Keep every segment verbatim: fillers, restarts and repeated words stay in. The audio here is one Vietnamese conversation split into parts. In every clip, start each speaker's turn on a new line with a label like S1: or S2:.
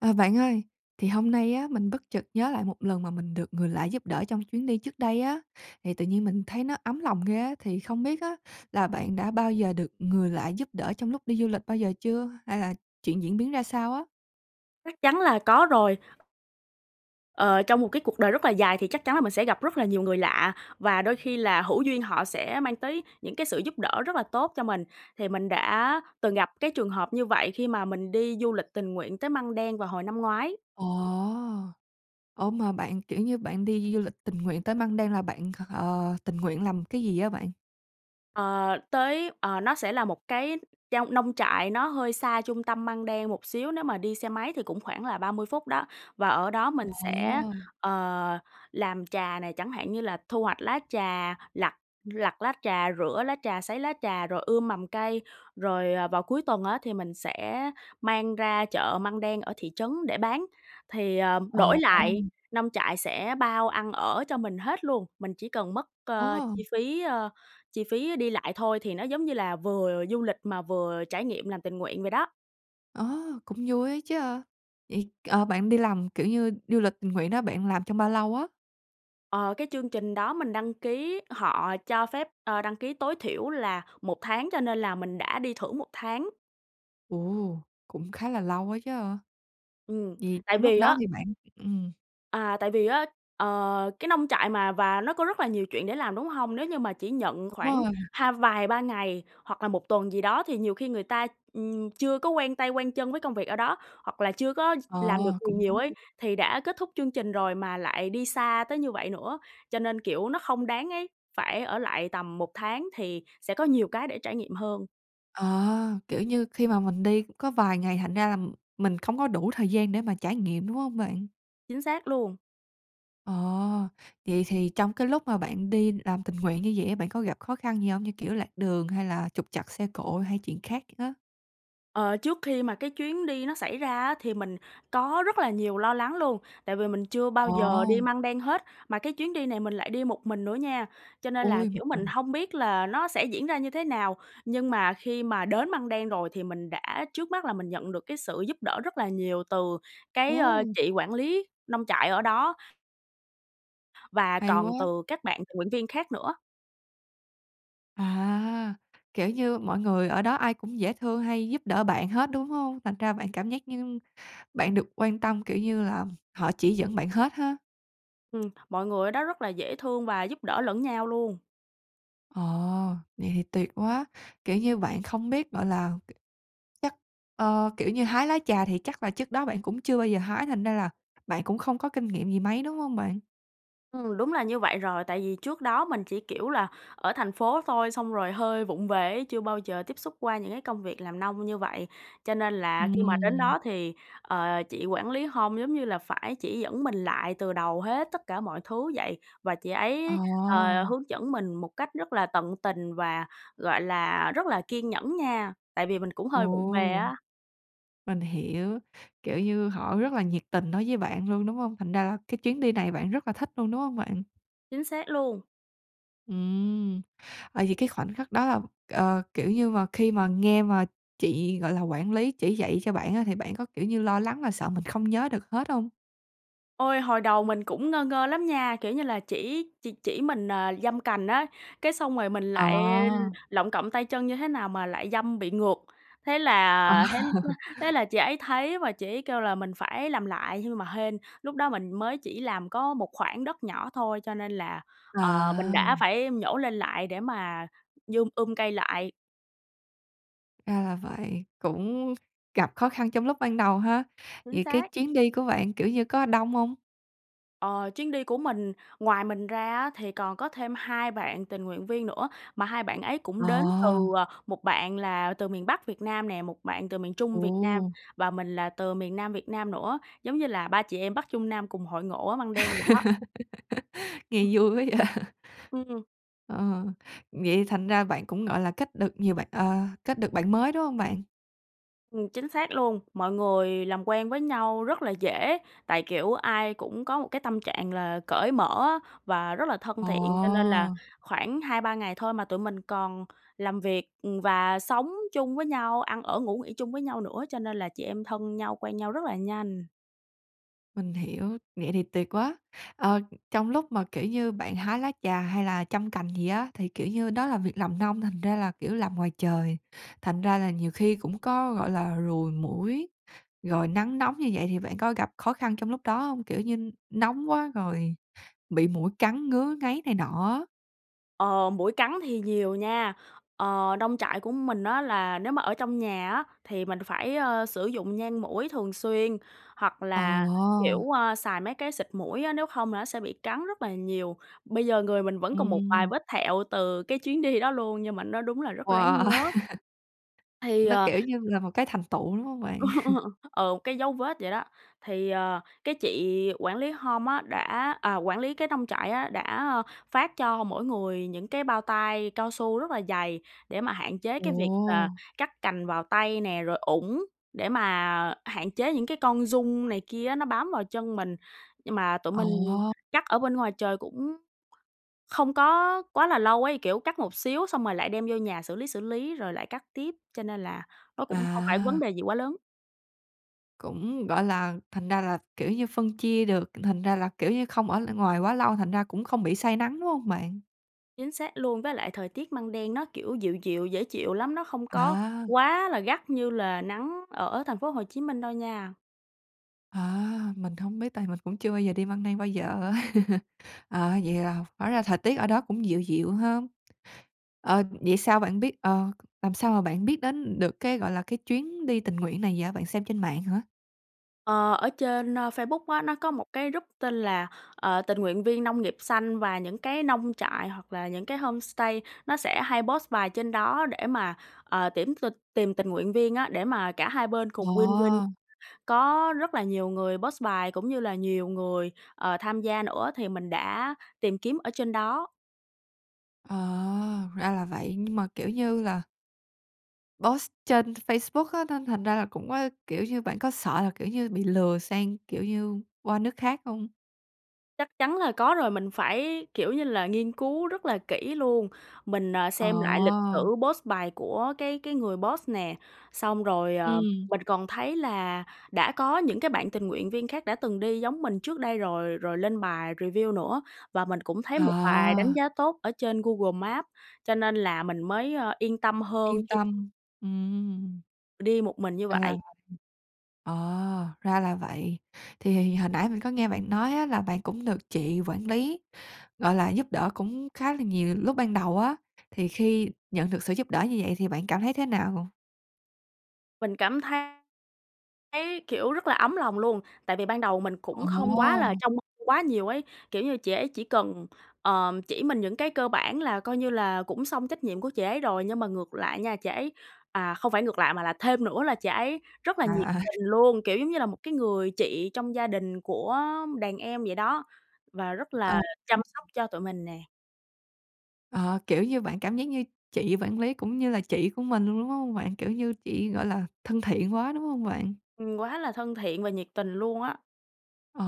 S1: À, bạn ơi thì hôm nay á mình bất chợt nhớ lại một lần mà mình được người lạ giúp đỡ trong chuyến đi trước đây á, thì tự nhiên mình thấy nó ấm lòng ghê á, thì không biết á là bạn đã bao giờ được người lạ giúp đỡ trong lúc đi du lịch bao giờ chưa? Hay là chuyện diễn biến ra sao á?
S2: Chắc chắn là có rồi. Ờ, trong một cái cuộc đời rất là dài thì chắc chắn là mình sẽ gặp rất là nhiều người lạ, và đôi khi là hữu duyên họ sẽ mang tới những cái sự giúp đỡ rất là tốt cho mình, thì mình đã từng gặp cái trường hợp như vậy khi mà mình đi du lịch tình nguyện tới Măng Đen vào hồi năm ngoái.
S1: Ồ. Ủa, mà bạn, kiểu như, bạn đi du lịch tình nguyện tới Măng Đen là bạn, ờ, tình nguyện làm cái gì á bạn?
S2: Ờ, tới, ờ, nó sẽ là một cái trong nông trại nó hơi xa trung tâm Măng Đen một xíu, nếu mà đi xe máy thì cũng khoảng là ba mươi phút đó và ở đó mình sẽ,
S1: Ồ.
S2: ờ, làm trà này, chẳng hạn như là thu hoạch lá trà, lặt lặt lá trà, rửa lá trà, sấy lá trà rồi ươm mầm cây rồi, ờ, vào cuối tuần á thì mình sẽ mang ra chợ Măng Đen ở thị trấn để bán, thì, ờ,
S1: Ờ.
S2: đổi lại nông trại sẽ bao ăn ở cho mình hết luôn, mình chỉ cần mất, ơ,
S1: Ồ.
S2: chi phí, ơ, chi phí đi lại thôi thì nó giống như là vừa du lịch mà vừa trải nghiệm làm tình nguyện vậy đó.
S1: Ơ, cũng vui ấy chớ. Vậy, ờ, bạn đi làm, kiểu như, du lịch tình nguyện đó bạn làm trong bao lâu á?
S2: Ờ, cái chương trình đó mình đăng ký họ cho phép, ờ, đăng ký tối thiểu là một tháng cho nên là mình đã đi thử một tháng.
S1: Ồ, cũng khá là lâu á chớ.
S2: Ừm,
S1: Vậy
S2: tại
S1: trong lúc
S2: vì
S1: đó
S2: á
S1: thì bạn ừm.
S2: À, tại vì á, ờ, cái nông trại mà và nó có rất là nhiều chuyện để làm, đúng hông? Nếu như mà chỉ nhận
S1: Đúng
S2: khoảng
S1: rồi.
S2: hai vài ba ngày hoặc là một tuần gì đó thì nhiều khi người ta, ừm, chưa có quen tay, quen chân với công việc ở đó, hoặc là chưa có ch
S1: Ờ,
S2: làm được gì
S1: cũng
S2: nhiều ấy,
S1: đúng.
S2: thì đã kết thúc chương trình rồi mà lại đi xa tới như vậy nữa, cho nên, kiểu, nó không đáng ấy, phải ở lại tầm một tháng thì sẽ có nhiều cái để trải nghiệm hơn.
S1: Ờ, kiểu như, khi mà mình đi có vài ngày thành ra là mình không có đủ thời gian để mà trải nghiệm, đúng hông bạn?
S2: Chính xác luôn.
S1: Ồ, vậy thì trong cái lúc mà bạn đi làm tình nguyện như vậy á, bạn có gặp khó khăn gì hông? Như kiểu lạc đường hay là trục trặc xe cộ hay chuyện khác á.
S2: Ờ, trước khi mà cái chuyến đi nó xảy ra á, thì mình có rất là nhiều lo lắng luôn. Tại vì mình chưa bao giờ đi
S1: Ồ.
S2: Măng Đen hết. Mà cái chuyến đi này mình lại đi một mình nữa nha, cho nên là,
S1: Ôi, một
S2: kiểu, mình
S1: mình.
S2: hông biết là nó sẽ diễn ra như thế nào, nhưng mà khi mà đến Măng Đen rồi thì mình đã trước mắt là mình nhận được cái sự giúp đỡ rất là nhiều từ cái, ơ,
S1: Ồ.
S2: chị quản lý nông trại ở đó. Và
S1: Hay
S2: còn
S1: quá!
S2: từ các bạn tình nguyện viên khác nữa.
S1: À, kiểu như, mọi người ở đó ai cũng dễ thương hay giúp đỡ bạn hết, đúng hông? Thành ra bạn cảm giác như bạn được quan tâm, kiểu như là họ chỉ dẫn bạn hết ha.
S2: Ừm, mọi người ở đó rất là dễ thương và giúp đỡ lẫn nhau luôn.
S1: Ồ, vậy thì tuyệt quá. Kiểu như, bạn không biết, gọi là, k chắc, ơ, kiểu, như hái lá trà thì chắc là trước đó bạn cũng chưa bao giờ hái thành ra là bạn cũng không có kinh nghiệm gì mấy, đúng hông bạn?
S2: Ừm, đúng là như vậy rồi. Tại vì trước đó mình chỉ, kiểu là, ở thành phố thôi xong rồi hơi vụng về á, chưa bao giờ tiếp xúc qua những cái công việc làm nông như vậy. Cho nên là khi mà đến
S1: Ừm.
S2: đó thì, ờ, chị quản lý home giống như là phải chỉ dẫn mình lại từ đầu hết tất cả mọi thứ vậy, và chị
S1: Ờ.
S2: ấy, ờ, hướng dẫn mình một cách rất là tận tình và, gọi là, rất là kiên nhẫn nha, tại vì mình cũng hơi vụng về
S1: Ồ.
S2: á.
S1: Mình hiểu, kiểu như, họ rất là nhiệt tình đối với bạn luôn, đúng hông? Thành ra là cái chuyến đi này bạn rất là thích luôn, đúng hông bạn?
S2: Chính xác luôn.
S1: Ừm. Ờ, vậy cái khoảnh khắc đó là, ờ, kiểu như mà, khi mà nghe mà chị gọi là quản lý chỉ dạy cho bạn á, thì bạn có, kiểu, như lo lắng mà sợ mình không nhớ được hết hông?
S2: Ôi, hồi đầu mình cũng ngơ ngơ lắm nha, kiểu, như là chỉ chỉ chỉ mình, à, giâm cành á, cái xong rồi mình
S1: Ờ.
S2: lại lọng cọng tay chân như thế nào mà lại giâm bị ngược. Thế
S1: Ờ.
S2: là thế [unintelligible] thế là chị ấy thấy và chị ấy kêu là mình phải làm lại, nhưng mà hên lúc đó mình mới chỉ làm có một khoảng đất nhỏ thôi, cho nên là,
S1: Ờ.
S2: ờ, mình đã phải nhổ lên lại để mà dum um cây lại.
S1: Ra là vậy, cũng gặp khó khăn trong lúc ban đầu ha.
S2: Chính
S1: Vậy cái
S2: xác.
S1: chuyến đi của bạn, kiểu như, có đông hông?
S2: Ờ. Chuyến đi của mình, ngoài mình ra á thì còn có thêm hai bạn tình nguyện viên nữa, mà hai bạn ấy cũng đến từ,
S1: Ờ.
S2: à, một bạn là từ miền Bắc Việt Nam nè, một bạn từ miền Trung Việt Nam,
S1: Ồ.
S2: và mình là từ miền Nam Việt Nam nữa. Giống như là ba chị em Bắc Trung Nam cùng hội ngộ ở Măng Đen vậy đó.
S1: Nghe vui quá vậy?
S2: Ừm.
S1: Ờ. Vậy thành ra bạn cũng, gọi là, kết được nhiều bạn, ờ, kết được bạn mới, đúng hông bạn?
S2: Ừm, chính xác luôn. Mọi người làm quen với nhau rất là dễ, tại, kiểu, ai cũng có một cái tâm trạng là cởi mở á và rất là thân thiện. Cho nên là
S1: Ồ!
S2: khoảng hai ba ngày thôi mà tụi mình còn làm việc, ừm, và sống chung với nhau, ăn ở, ngủ nghỉ chung với nhau nữa, cho nên là chị em thân nhau, quen nhau rất là nhanh.
S1: Mình hiểu, vậy thì tuyệt quá! Ờ, trong lúc mà, kiểu như, bạn hái lá trà hay là chăm cành gì á, thì, kiểu như, đó là việc làm nông, thành ra là, kiểu, làm ngoài trời, thành ra là nhiều khi cũng có, gọi là, ruồi muỗi rồi nắng nóng như vậy thì bạn có gặp khó khăn trong lúc đó hông? Kiểu như nóng quá rồi bị muỗi cắn ngứa ngáy này nọ á.
S2: Ờ, muỗi cắn thì nhiều nha. Ờ, nông trại của mình á là nếu mà ở trong nhà á, thì mình phải, a, sử dụng nhang muỗi thường xuyên, hoặc là, kiểu,
S1: Ồ!
S2: ơ, xài mấy cái xịt muỗi á, nếu không là nó sẽ bị cắn rất là nhiều. Bây giờ người mình vẫn còn một vài
S1: Ừm.
S2: vết thẹo từ cái chuyến đi đó luôn nhưng mà nó đúng là rất ráng
S1: Wow!
S2: nhớ. Thì,
S1: Nó,
S2: ờ
S1: kiểu như là một cái thành tựu, đúng hông bạn?
S2: Ừ, một cái dấu vết vậy đó. Thì, ờ, cái chị quản lý home á đã à, quản lý cái nông trại á, đã, a, phát cho mỗi người những cái bao tay cao su rất là dày để mà hạn chế cái việc là
S1: Ồ!
S2: cắt cành vào tay nè, rồi ủng, để mà hạn chế những cái con giun này kia á, nó bám vào chân mình. Nhưng mà tụi mình
S1: Ồ!
S2: cắt ở bên ngoài trời cũn không có quá là lâu ấy. Kiểu, cắt một xíu xong rồi lại đem vô nhà xử lý, xử lý, rồi lại cắt tiếp, cho nên là nó cũng không phải vấn
S1: À!
S2: đề gì quá lớn.
S1: Cũng, gọi là, thành ra là, kiểu như, phân chia được, thành ra là, kiểu như, không ở lại ngoài quá lâu thành ra cũng không bị say nắng, đúng hông bạn?
S2: Chính xác luôn. Với lại thời tiết Măng Đen nó, kiểu, dịu dịu, dễ chịu lắm, nó không có
S1: À!
S2: quá là gắt như là nắng ở thành phố Hồ Chí Minh đâu nha.
S1: À! Mình hông biết tại mình cũng chưa bao giờ đi Măng Đen bao giờ á. Ờ, vậy là hóa ra thời tiết ở đó cũng dịu dịu ha. Ờ, vậy sao bạn biết ờ, làm sao mà bạn biết đến được cái, gọi là, cái chuyến đi tình nguyện này vậy, bạn xem trên mạng hả?
S2: Ờ, ở trên, a, Facebook á, nó có một cái rúp tên là, ờ, "Tình nguyện viên nông nghiệp xanh", và những cái nông trại hoặc là những cái homestay nó sẽ hay post bài trên đó để mà, ờ, tuyển tình tìm tình nguyện viên á, để mà cả hai bên
S1: Ờ.
S2: cùng win win. Có rất là nhiều người post bài cũng như là nhiều người, ờ, tham gia nữa, thì mình đã tìm kiếm ở trên đó.
S1: Ờ, ra là vậy, nhưng mà, kiểu như là Post trên Facebook á nên thành ra là cũng có kiểu như, bạn có sợ là, kiểu như, bị lừa sang, kiểu như, qua nước khác hông?
S2: Chắc chắn là có rồi, mình phải, kiểu như là, nghiên cứu rất là kỹ luôn. Mình, à, xem lại lịch
S1: Ờ.
S2: sử post bài của cái cái người post nè. Xong rồi, ờ,
S1: Ừm.
S2: mình còn thấy là đã có những cái bạn tình nguyện viên khác đã từng đi giống mình trước đây rồi, rồi lên bài review nữa. Và mình cũng thấy một bài đánh
S1: À.
S2: giá tốt ở trên Google Maps, cho nên là mình mới, ơ, yên tâm hơn
S1: Yên
S2: khi
S1: tâm. Ừm.
S2: đi một mình như
S1: À ha.
S2: vậy.
S1: Ờ, ra là vậy. Thì thì hồi nãy mình có nghe bạn nói á là bạn cũng được chị quản lý, gọi là, giúp đỡ cũng khá là nhiều lúc ban đầu á. Thì khi nhận được sự giúp đỡ như vậy thì bạn cảm thấy thế nào?
S2: Mình cảm thấy thấy, kiểu, rất là ấm lòng luôn, tại vì ban đầu mình cũng không quá là
S1: Ồ!
S2: trông mong quá nhiều ấy. Kiểu như, chị ấy chỉ cần, ờ, chỉ mình những cái cơ bản là coi như là cũng xong trách nhiệm của chị ấy rồi. Nhưng mà ngược lại nha, chị ấy à, không phải ngược lại mà là thêm nữa là chị ấy rất là nhiệt
S1: À, à.
S2: tình luôn, kiểu, giống như là một cái người chị trong gia đình của đàn em vậy đó, và rất
S1: Ờ.
S2: là chăm
S1: [unintelligible]
S2: sóc cho tụi mình nè.
S1: Ờ, kiểu như, bạn cảm giác như chị vản lý cũng như là chị của mình luôn, đúng hông bạn? Kiểu như, chị, gọi là, thân thiện quá, đúng hông bạn?
S2: Ừm, quá là thân thiện và nhiệt tình luôn á!
S1: Ồ!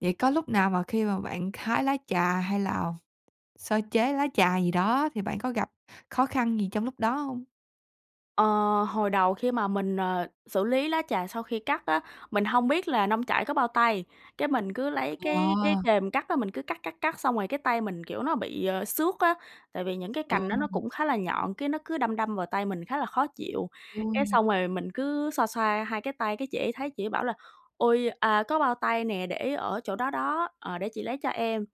S1: Vậy có lúc nào mà khi mà bạn k hái lá trà hay là sơ chế lá trà gì đó thì bạn có gặp khó khăn gì trong lúc đó hông?
S2: Ờ, hồi đầu khi mà mình, ờ, xử lý lá trà sau khi cắt á, mình hông biết là nông trại có bao tay, cái mình cứ lấy cái cái
S1: Wow!
S2: kềm cắt á, mình cứ cắt, cắt, cắt xong rồi cái tay mình, kiểu, nó bị à xước á, tại vì những cái
S1: Ừ
S2: cành đó nó
S1: ha.
S2: cũng khá là nhọn, cái nó cứ đâm đâm vào tay mình khá là khó chịu. Cái
S1: Ôi!
S2: xong rồi mình cứ xoa xoa hai cái tay, cái chị ấy thấy chị ấy bảo là "Ôi! À, có bao tay nè để ở chỗ đó đó, ờ, để chị lấy cho em."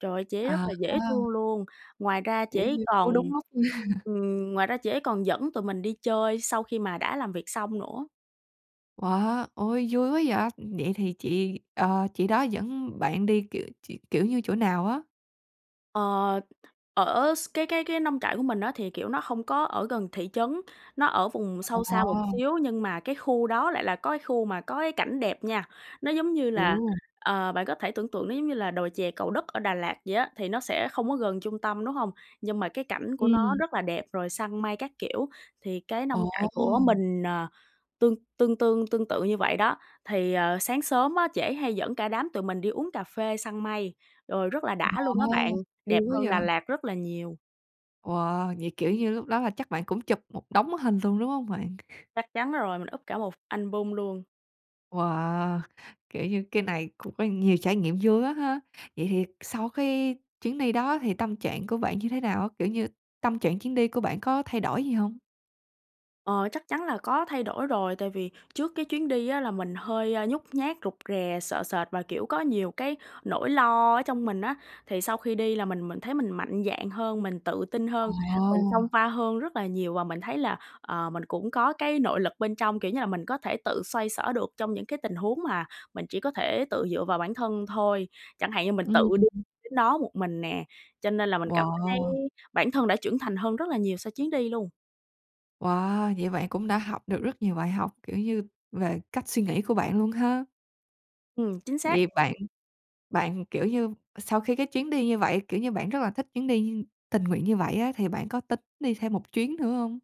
S2: Trời ơi! Chị ấy rất
S1: À
S2: là dễ
S1: ha.
S2: thương luôn! Ngoài ra chị
S1: Kiểu
S2: ấy
S1: như cứu
S2: còn,
S1: đúng lúc.
S2: ừm, ngoài ra chị ấy còn dẫn tụi mình đi chơi sau khi mà đã làm việc xong nữa.
S1: Wow, ôi, vui quá vậy! Vậy thì chị, ờ, chị đó dẫn bạn đi, kiểu, ch kiểu như chỗ nào á?
S2: Ờ, ở x cái cái cái nông trại của mình á thì, kiểu, nó không có ở gần thị trấn, nó ở vùng sâu xa một
S1: Wow!
S2: xíu nhưng mà cái khu đó lại là có cái khu mà có cái cảnh đẹp nha. Nó, giống như là,
S1: Ù!
S2: ờ, bạn có thể tưởng tượng nó giống như là đồi chè Cầu Đất ở Đà Lạt vậy á, thì nó sẽ không có gần trung tâm, đúng hông? Nhưng mà cái cảnh của nó
S1: Ừm.
S2: rất là đẹp, rồi săn mây các kiểu. Thì cái nông trại của
S1: Ồ!
S2: mình, ờ, tương tương tương tương tự như vậy đó. Thì, ờ, sáng sớm á, chị ấy hay dẫn cả đám tụi mình đi uống cà phê săn mây, rồi rất là đã luôn á bạn,
S1: Wow!
S2: đẹp
S1: Vui quá
S2: hơn Đà
S1: vậy!
S2: Lạt rất là nhiều.
S1: Wow! Vậy, kiểu, như lúc đó là chắc bạn cũng chụp một đống hình luôn, đúng hông bạn?
S2: Chắc chắn rồi, mình úp cả một album luôn.
S1: Wow! Kiểu, như cái này cũng có nhiều trải nghiệm vui quá ha! Vậy thì sau cái chuyến đi đó thì tâm trạng của bạn như thế nào á, kiểu như, tâm trạng chuyến đi của bạn có thay đổi gì hông?
S2: Ờ, chắc chắn là có thay đổi rồi, tại vì trước cái chuyến đi á là mình hơi, a, nhút nhát, rụt rè, sợ sệt và, kiểu, có nhiều cái nỗi lo ở trong mình á, thì sau khi đi là mình mình thấy mình mạnh dạn hơn, mình tự tin hơn, mình xông
S1: Ờ.
S2: pha hơn rất là nhiều và mình thấy là, ờ, mình cũng có cái nội lực bên trong, kiểu như là, mình có thể tự xoay xở được trong những cái tình huống mà mình chỉ có thể tự dựa vào bản thân thôi. Chẳng hạn như mình tự đi
S1: Ừm.
S2: đến đó một mình nè, cho nên là mình cảm thấy
S1: Wow.
S2: bản thân đã trưởng thành hơn rất là nhiều sau chuyến đi luôn.
S1: Wow. Vậy bạn cũng đã học được rất nhiều bài học, kiểu như, về cách suy nghĩ của bạn luôn ha.
S2: Ừm, chính xác.
S1: Vậy bạn bạn, kiểu, như sau khi cái chuyến đi như vậy, kiểu, như bạn rất là thích chuyến đi tình nguyện như vậy á, thì bạn có tính đi thêm một chuyến nữa hông?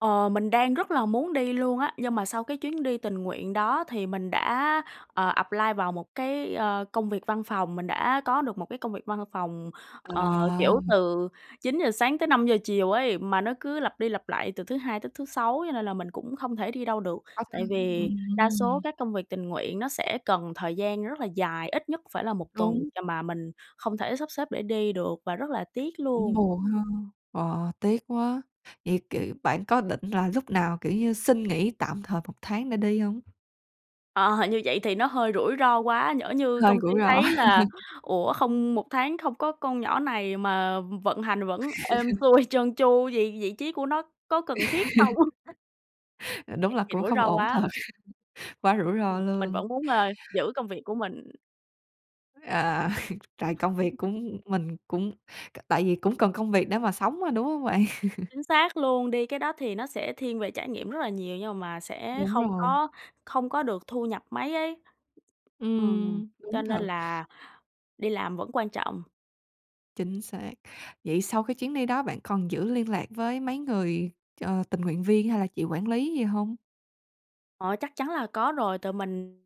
S2: Ờ, mình đang rất là muốn đi luôn á, nhưng mà sau cái chuyến đi tình nguyện đó thì mình đã, ờ, apply vào một cái, ờ, công việc văn phòng, mình đã có được một cái công việc văn phòng, ờ,
S1: À.
S2: kiểu, từ chín giờ sáng tới năm giờ chiều ấy, mà nó cứ lặp đi lặp lại từ thứ Hai tới thứ Sáu. Cho nên là mình cũng không thể đi đâu được, tại
S1: [unintelligible]
S2: vì đa số
S1: ừm.
S2: các công việc tình nguyện nó sẽ cần thời gian rất là dài, ít nhất phải là một tuần
S1: Đúng.
S2: chà mà mình không thể sắp xếp để đi được và rất là tiếc
S1: Cũng
S2: luôn.
S1: buồn ha, ờ, tiếc quá. Vậy, kiểu, bạn có định là lúc nào, kiểu như, xin nghỉ tạm thời một tháng để đi hông?
S2: Ờ, như vậy thì nó hơi rủi ro quá, nhỡ như
S1: Hơi
S2: công ty
S1: rủi ro.
S2: thấy là, ủa, không một tháng không có con nhỏ này mà v vận hành vẫn êm xuôi trơn tru, vậy vị trí của nó có cần thiết không?
S1: Đúng
S2: Vậy
S1: là
S2: thì
S1: cũng
S2: rủi
S1: không
S2: ro
S1: ổn
S2: quá!
S1: thật, quá rủi ro
S2: Ừm, mình
S1: luôn.
S2: vẫn muốn, ờ, giữ công việc của mình.
S1: À. Trời, công việc cũng mình cũng c tại vì cũng cần công việc để mà sống mà, đúng hông bạn?
S2: Chính xác luôn, đi cái đó thì nó sẽ thiên về trải nghiệm rất là nhiều nhưng mà sẽ
S1: Đúng
S2: không
S1: rồi.
S2: có không có được thu nhập mấy ấy, ừm,
S1: Ừm,
S2: cho
S1: đúng
S2: nên
S1: thật.
S2: là đi làm vẫn quan trọng.
S1: Chính xác. Vậy sau cái chuyến đi đó bạn còn giữ liên lạc với mấy người, ờ, tình nguyện viên hay là chị quản lý gì hông?
S2: Ờ, chắc chắn là có rồi. Tụi mình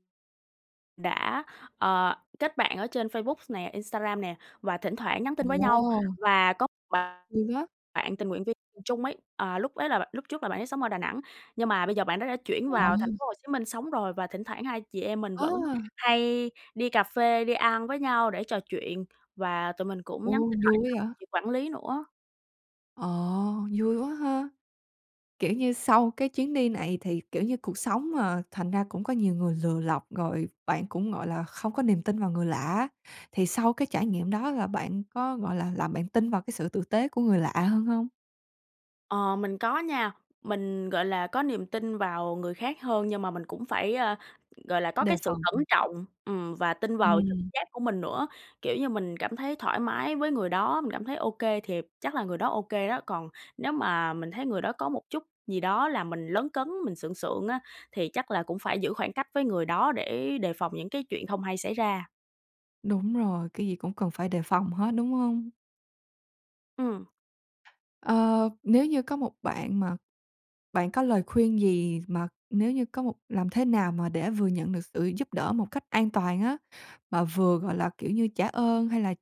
S2: đã, ờ, kết bạn ở trên Facebook nè, Instagram nè và thỉnh thoảng nhắn tin với nhau.
S1: Ồ!
S2: Và có bạn
S1: Ừ, á.
S2: bạn tình nguyện viên cùng chung ấy, à, lúc ấy là bạn lúc trước là bạn ấy sống ở Đà Nẵng, nhưng mà bây giờ bạn đó đã chuyển vào thành
S1: Wow.
S2: phố Hồ Chí Minh sống rồi, và thỉnh thoảng hai chị em mình vẫn
S1: A!
S2: hay đi cà phê, đi ăn với nhau để trò chuyện và tụi mình cũng nhắn
S1: Ồ,
S2: tin
S1: vui
S2: hỏi
S1: quá
S2: thăm
S1: vậy.
S2: chị quản lý nữa.
S1: Ờ, vui quá ha. Kiểu như, sau cái chuyến đi này thì, kiểu như, cuộc sống mà, thành ra cũng có nhiều người lừa lọc rồi bạn cũng, gọi là, không có niềm tin vào người lạ á, thì sau cái trải nghiệm đó là bạn có, gọi là, làm bạn tin vào cái sự tử tế của người lạ hơn hông?
S2: Ờ, mình có nha. Mình, gọi là, có niềm tin vào người khác hơn nhưng mà mình cũng phải, a, gọi là, có
S1: Đề
S2: cái sự
S1: phòng.
S2: cẩn
S1: Ừm.
S2: trọng, ừm, và tin vào trực
S1: Ừm.
S2: giác của mình nữa. Kiểu như, mình cảm thấy thoải mái với người đó, mình cảm thấy ô kê thiệp chắc là người đó ô kê đó. Còn nếu mà mình thấy người đó có một chút gì đó làm mình lấn cấn mình sượng sượng á, thì chắc là cũng phải giữ khoảng cách với người đó để đề phòng những cái chuyện không hay xảy ra.
S1: Đúng rồi, cái gì cũng cần phải đề phòng hết, đúng hông?
S2: Ừm.
S1: Ờ, nếu như có một bạn mà bạn có lời khuyên gì mà nếu như có một làm thế nào mà để vừa nhận được sự giúp đỡ một cách an toàn á, mà vừa, gọi là, kiểu như, trả ơn hay là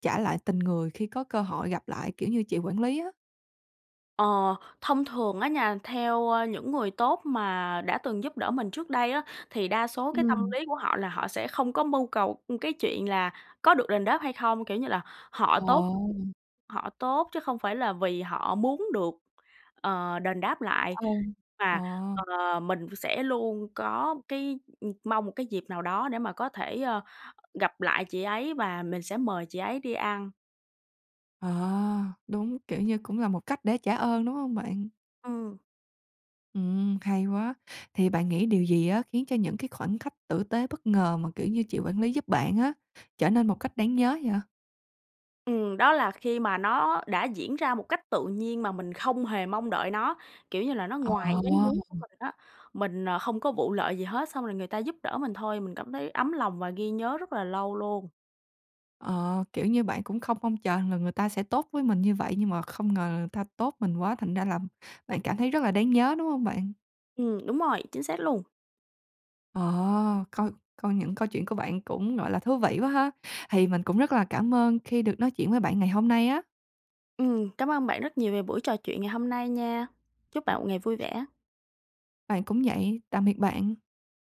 S1: trả lại tình người khi có cơ hội gặp lại? Kiểu như chị quản lý á?
S2: Ờ, thông thường á nha, theo, a, những người tốt mà đã từng giúp đỡ mình trước đây á, thì đa số cái tâm
S1: Ừm.
S2: lý của họ là họ sẽ không có mưu cầu, ưm, cái chuyện là có được đền đáp hay không. Kiểu như là, họ tốt
S1: Ồ.
S2: họ tốt chứ không phải là vì họ muốn được, ờ, đền đáp lại,
S1: Ừ.
S2: mà,
S1: Ờ.
S2: ờ, mình v sẽ luôn có cái, ừm, mong một cái dịp nào đó để mà có thể, ơ, gặp lại chị ấy và mình sẽ mời chị ấy đi ăn.
S1: Ờ, đúng, kiểu như, cũng là một cách để trả ơn, đúng hông bạn?
S2: Ừm.
S1: Ừm, hay quá. Thì bạn nghĩ điều gì á khiến cho những cái khoảnh khách tử tế bất ngờ mà, kiểu như, chị quản lý giúp bạn á trở nên một cách đáng nhớ vậy?
S2: Ừm, đó là khi mà nó đã diễn ra một cách tự nhiên mà mình không hề mong đợi nó, kiểu như là, nó
S1: Ờ.
S2: ngoài ý muốn của mình á. Mình, ờ, không có vụ lợi gì hết, xong rồi người ta giúp đỡ mình thôi, mình cảm thấy ấm lòng và ghi nhớ rất là lâu luôn.
S1: Ờ, kiểu như, bạn cũng không mong chờ rằng là người ta sẽ tốt với mình như vậy, nhưng mà không ngờ người ta tốt mình quá thành ra là bạn cảm thấy rất là đáng nhớ, đúng không bạn?
S2: Ừm, đúng rồi, chính xác luôn.
S1: Ờ. Coi coi những câu chuyện của bạn cũng, gọi là, thú vị quá ha, thì mình cũng rất là cảm ơn khi được nói chuyện với bạn ngày hôm nay á.
S2: Ừm, cảm ơn bạn rất nhiều về buổi trò chuyện ngày hôm nay nha. Chúc bạn một ngày vui vẻ.
S1: Bạn cũng vậy, tạm biệt bạn.